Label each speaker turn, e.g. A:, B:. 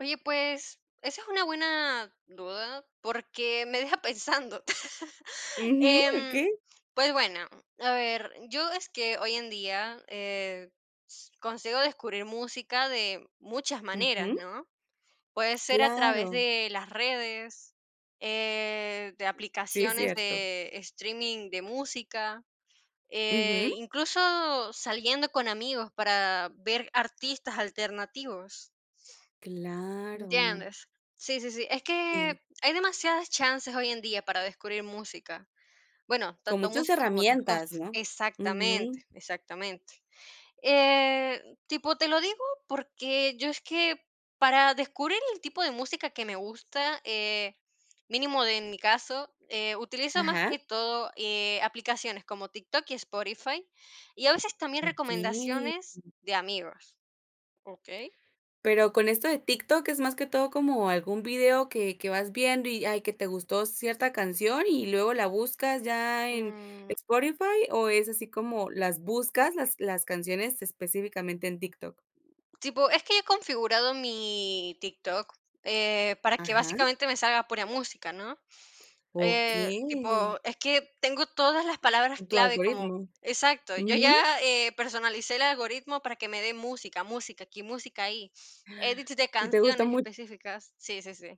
A: Oye, pues, esa es una buena duda, porque me deja pensando.
B: Ujú.
A: Em,
B: Okey.
A: pues, bueno, a ver, yo es que hoy en día, eh, consigo descubrir música de muchas maneras,
B: Ujú.
A: ¿no? Puede ser a través
B: Claro.
A: de las redes, eh, de
B: Sí, es
A: aplicaciones
B: cierto.
A: de streaming de música, eh,
B: Ujú.
A: incluso saliendo con amigos, para ver artistas alternativos.
B: Claro.
A: ¿Entiendes? Sí, sí, sí. Es que
B: Sí.
A: hay demasiadas chances hoy en día para descubrir música. Bueno,
B: Con
A: tanto
B: muchas
A: música como otras
B: herramientas,
A: cosas
B: ¿no?
A: Exactamente,
B: Ujú.
A: exactamente. Eh, tipo te lo digo, porque yo es que para descubrir el tipo de música que me gusta, eh, mínimo de en mi caso, utilizo más
B: Ajá.
A: que todo, eh, aplicaciones como, TikTok y Spotify y a veces también
B: Okey.
A: recomendaciones de amigos. ¿Okey?
B: Pero con esto de TikTok es, más que todo, como algún video que que vas viendo y, ay, que te gustó cierta canción y luego la buscas ya en
A: Mm.
B: Spotify o, ¿es así como las buscas, las las canciones específicamente en TikTok?
A: Tipo, es que yo he configurado mi TikTok, eh, para que
B: Ajá.
A: básicamente me salga pura música, ¿no? Eh,
B: Okey.
A: tipo, es que tengo todas las palabras
B: Tu
A: clave como
B: algoritmo.
A: Exacto, yo
B: Ujú.
A: ya, eh, personalicé el algoritmo, para que me dé música, música, aquí música ahí. Edits de
B: Sí te gusta
A: canciones
B: mu
A: específicas. Sí, sí, sí.